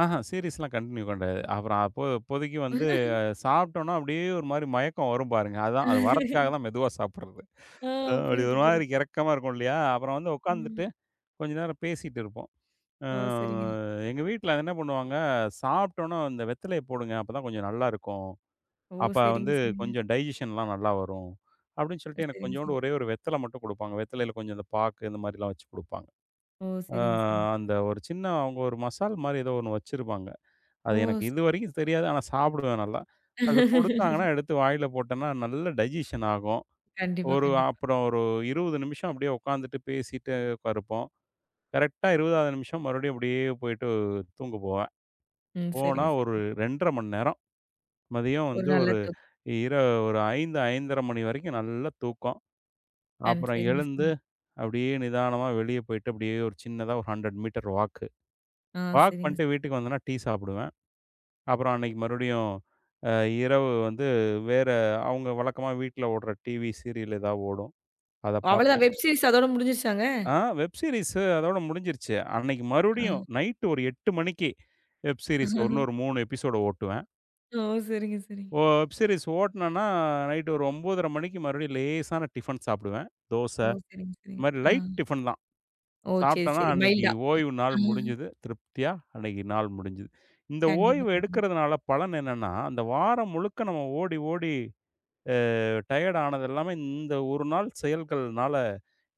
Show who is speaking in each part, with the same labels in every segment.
Speaker 1: ஆஹா, சீரிஸ்ல்லாம் continue கெடையாது. அப்புறம் அப்போ அப்போதைக்கு வந்து, சாப்ட்டோம்ன்னா அப்டியே ஒரு மாரி மயக்கம் வரும் பாருங்க. அதான், அது வர்றதுக்காகதான் மெதுவா சாப்பிடுறது.
Speaker 2: ஆ,
Speaker 1: அப்டி
Speaker 2: புரியுது,
Speaker 1: ஒரு மாரி
Speaker 2: புரியுது.
Speaker 1: கெரக்கமா இருக்கும் இல்லையா? அப்புறம் வந்து
Speaker 2: ம்.
Speaker 1: உக்காந்துட்டு, கொஞ்ச நேரம் பேசிட்டு இருப்போம். அ
Speaker 2: ஓ, சரிங்க.
Speaker 1: எங்க வீட்டுல என்ன பண்ணுவாங்க? "சாப்ட்டோன்ன அந்த வெத்தலைய போடுங்க. அப்பதான் கொஞ்சம் நல்லா இருக்கும்.
Speaker 2: ஓ,
Speaker 1: அப்ப
Speaker 2: சரிங்க.
Speaker 1: வந்து
Speaker 2: சரிங்க.
Speaker 1: கொஞ்சம் டைஜெஸ்ஸன்லாம் நல்லா வரும்" அப்டின்னு
Speaker 2: அ,
Speaker 1: சொல்ட்டு எனக்குக்
Speaker 2: சரிங்க,
Speaker 1: கொஞ்சூண்டு
Speaker 2: சரி.
Speaker 1: ஒரே 1 வெத்தல மட்டும் குடுப்பாங்க. வெத்தலையில கொஞ்சம் அந்தப் பாக்கு இந்த மாரில்லாம் வச்சு குடுப்பாங்க.
Speaker 2: ஓ,
Speaker 1: அ
Speaker 2: சரிங்க, சரிங்க.
Speaker 1: அந்த ஒரு சின்ன, அவுங்க ஒரு மசால் மாரி ஏதோ ஒண்ணு வச்சிருப்பாங்க.
Speaker 2: ஓ,
Speaker 1: அது எனக்கு
Speaker 2: சரி.
Speaker 1: இதுவரைக்கும் தெரியாது. ஆனா சாப்பிடுவேன் நல்லா. அதக் குடுத்தாங்கன்னா, எடுத்து வாயில போட்டேன்னா, நல்ல டைஜெஸ்ஸன் ஆகும்.
Speaker 2: கண்டிப்பா,
Speaker 1: ஒரு
Speaker 2: கண்டிப்பா.
Speaker 1: அப்புறம் ஒரு 20 நிமிஷம் அப்டியே உக்காந்துட்டு, பேசிட்டு இருப்போம். கரெக்ட்டா 20வது நிமிஷம் மறுபடியும் இப்டியே போயிட்டு அ தூங்கப் போவேன்.
Speaker 2: ம்.
Speaker 1: போனா,
Speaker 2: சரிங்க,
Speaker 1: ஒரு
Speaker 2: சரிங்க.
Speaker 1: 2 1/2 மணி நேரம், மதியம்
Speaker 2: ஒரு
Speaker 1: வந்து
Speaker 2: நல்ல
Speaker 1: ஒரு
Speaker 2: தொ
Speaker 1: இர ஒரு 5, 5 1/2 மணி வரைக்கும் நல்ல தூக்கம்.
Speaker 2: கண்
Speaker 1: அப்புறம்
Speaker 2: சரிங்க.
Speaker 1: எழுந்து,
Speaker 2: சரி.
Speaker 1: அப்டியே நிதானமா வெளிய போயிட்டு, அப்டியே ஒரு சின்னதா ஒரு 100 மீட்டர் வாக்கு,
Speaker 2: ஆ
Speaker 1: வாக்
Speaker 2: சரிங்க.
Speaker 1: பண்ணிட்டு
Speaker 2: ச
Speaker 1: வீட்டுக்கு வந்தேன்னா, டீ சாப்பிடுவேன். அப்புறம் அன்னைக்கு மறுபடியும், அ இரவு வந்து, வேற, அவுங்க வழக்கமா வீட்ல ஓடுற டிவி சீரியல் எதா ஓடும். அதப்
Speaker 2: அவ்வளதான்
Speaker 1: பாப்பேன்.
Speaker 2: வெப் சீரிஸ் அதோட முடிஞ்சிருச்சாங்க?
Speaker 1: ஆ, வெப் சீரிஸ் அதோட முடிஞ்சிருச்சு. அன்னைக்கு மறுபடியும்,
Speaker 2: அ.
Speaker 1: நைட்டு ஒரு 8 மணிக்கு, வெப் சீரிஸ் இன்னொரு 3 எப்பிசோடு ஓட்டுவேன்.
Speaker 2: ஓ, சரிங்க,
Speaker 1: ஓ
Speaker 2: சரிங்க.
Speaker 1: வெப் சீரிஸ் ஓட்னேன்னா, அ நைட்டு ஒரு 9.30 மணிக்கு மறுபடியும் லேசான டிஃபன் சாப்பிடுவேன். தோச,
Speaker 2: ஓ, சரிங்க,
Speaker 1: இந்த
Speaker 2: சரிங்க.
Speaker 1: மாரி
Speaker 2: ஆ.
Speaker 1: லைட் டிஃபன் தான்.
Speaker 2: ஓ, சரி,
Speaker 1: சாப்ட்டேன்னா,
Speaker 2: சரி.
Speaker 1: அன்னைக்கு
Speaker 2: மயில்டா, ம்.
Speaker 1: ஓய்வு நாள்
Speaker 2: ஆ.
Speaker 1: முடிஞ்சது. திருப்தியா அன்னைக்கு நாள் முடிஞ்சது. இந்த
Speaker 2: கண்டிப்பா,
Speaker 1: ஓய்வு
Speaker 2: கண்டிப்பா.
Speaker 1: எடுக்கறதுனால பலன் என்னான்னா, அந்த வாரம் முழுக்க நம்ம ஓடி, ஓடி அ டயர்ட் ஆனது எல்லாமே, இந்த 1 நாள் செயல்கள்னால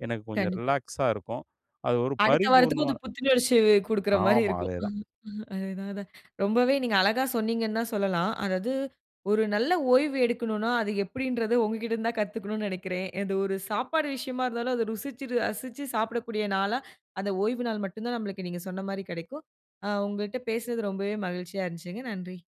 Speaker 1: எனக்குக் கொஞ்சம்
Speaker 2: கண்டிப்பா.
Speaker 1: ரிலாக்ஸா இருக்கும். அது ஒரு
Speaker 2: அடுத்த வாரத்துக்கும்
Speaker 1: பரிபூரணமா,
Speaker 2: அது புத்துணர்ச்சி குடுக்கற மாரி
Speaker 1: ஆமா,
Speaker 2: இருக்கும்.
Speaker 1: அதே
Speaker 2: அ
Speaker 1: தான்.
Speaker 2: அ அதே தான், அதான். ரொம்பவே நீங்க அழகா சொன்னீங்கண்ணு தான் சொல்லலாம். அதாவது, ஒரு நல்ல ஓய்வு எடுக்கணும்னா, அது எப்டின்றது உங்ககிட்ட இருந்து தான் கத்துக்கணும்னு நெனைக்கிறேன். இது ஒரு சாப்பாடு விஷயமா இருந்தாலும், அதை ருசிச்சு, ரசிச்சு சாப்பிடக்கூடிய நாளா, அந்த ஓய்வு நாள் மட்டும்தான் நம்மளுக்கு நீங்கச் சொன்ன மாரி கெடைக்கும். அ உங்கட்ட பேசறது ரொம்பவே மகிழ்ச்சியா இருந்துச்சுங்க. நன்றி!